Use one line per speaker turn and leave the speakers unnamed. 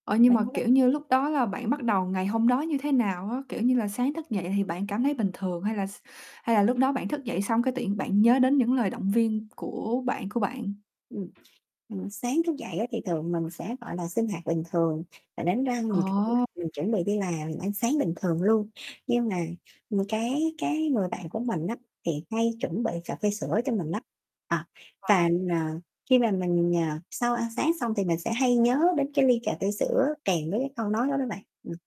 Ờ, nhưng
Bạn
mà,
hông
kiểu như, lúc đó là bạn bắt đầu ngày hôm đó như thế nào á? Kiểu như là, sáng thức dậy thì bạn cảm thấy bình thường hay là s hay là lúc đó bạn thức dậy xong cái tự nhiên bạn nhớ đến những lời động viên của bạn của bạn?
Ừm, ừm, sáng thức dậy á, thì thường mình sẽ, gọi là, sinh hoạt bình thường và đánh răng. Mình cũng
Ờ!
giường chuẩn bị đi làm, ăn sáng bình thường luôn. Nhưng mà, ừm, cái cái người bạn của mình á, thì hay chuẩn bị cà phê sữa cho mình lắm. À, và,
Ờ.
ờ, khi mà mình, à, sau ăn sáng xong thì mình sẽ hay nhớ đến cái ly cà phê sữa kèm với cái câu nói đó đó bạn. Ừm.